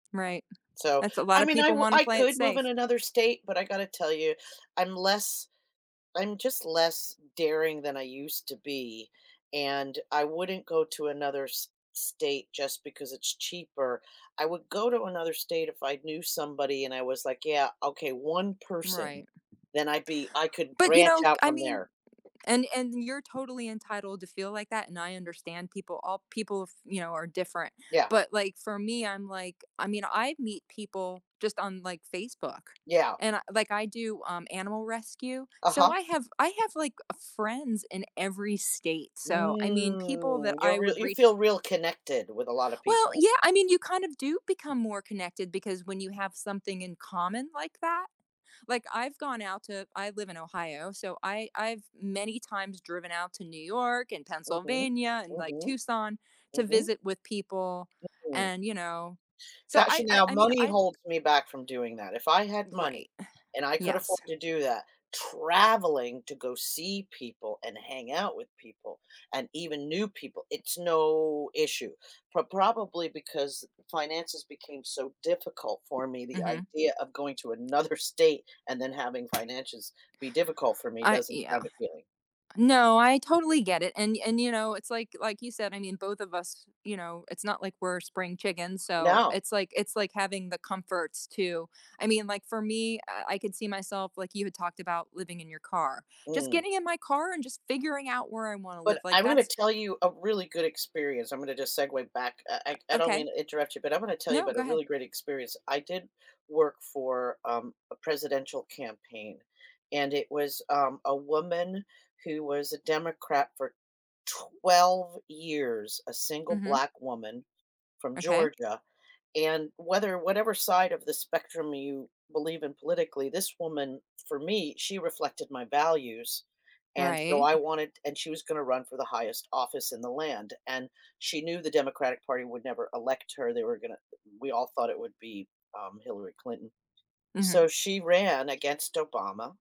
Right. So, That's a lot I of mean, I people wou wanna play it could move in safe. another state, but I got to tell you, I'm less, I'm just less daring than I used to be. And I wouldn't go to another s state just because it's cheaper. I would go to another state if I knew somebody and I was like, yeah, okay, 1 person. Right. Then I'd be I could But, you branch know, out I from mean there. and and you're totally entitled to feel like that, and I understand people op people, of you know, are different. Yeah. But like for me, I'm like I mean I meet people just on like Facebook. Yeah. And I like I do, um, animal rescue. So Uh-huh. I have I have like uh, friends in every state. So I mean people that Mm. You're I real would you reach feel real connected with a lot of Well, people. yeah. I mean you kind of do become more connected because when you have something in common like that? Like I've gone out to I live in Ohio. So I I've many times driven out to New York and Mhm. Pennsylvania and like Mhm. Tucson to Mhm. visit with people. Mhm. And, you know, so Gotcha. I I Now I mean, money I holds me back from doing that. If I had money Right. and I could afford Yes. to do that, traveling to go see people and hang out with people and even new people, it's no issue. Pro probably because finances became so difficult for me, the Mhm. idea of going to another state and then having finances be difficult for me I uh doesn't yeah. sound appealing. No. I totally get it. And and, you know, it's like like you said, I mean, of us, you know, it's not like we're spring chickens. So No. it's like it's like having the comforts too. I mean, like, for me, uh, I could see myself like you had talked about living in your car. Just Mm. getting in my car and just figuring out where I wanna But live. Like, I'm gonna that's tell you a really good experience. I'm gonna just segue back. I don't Okay. mean to interrupt you, but I'm gonna tell you No. about Go a ahead. really great experience. I did work for, um, a presidential campaign and it was, um, a woman who was a Democrat for 12 years, a single Mhm. black woman from Okay. Georgia. And whether whatever side of the spectrum you believe in politically, this woman for me, she reflected my values. And so Right. I wanted and she was gonna run for the highest office in the land. And she knew the Democratic Party would never elect her. They were gonna we all thought it would be, um, Hillary Clinton. So Mhm. she ran against Obama.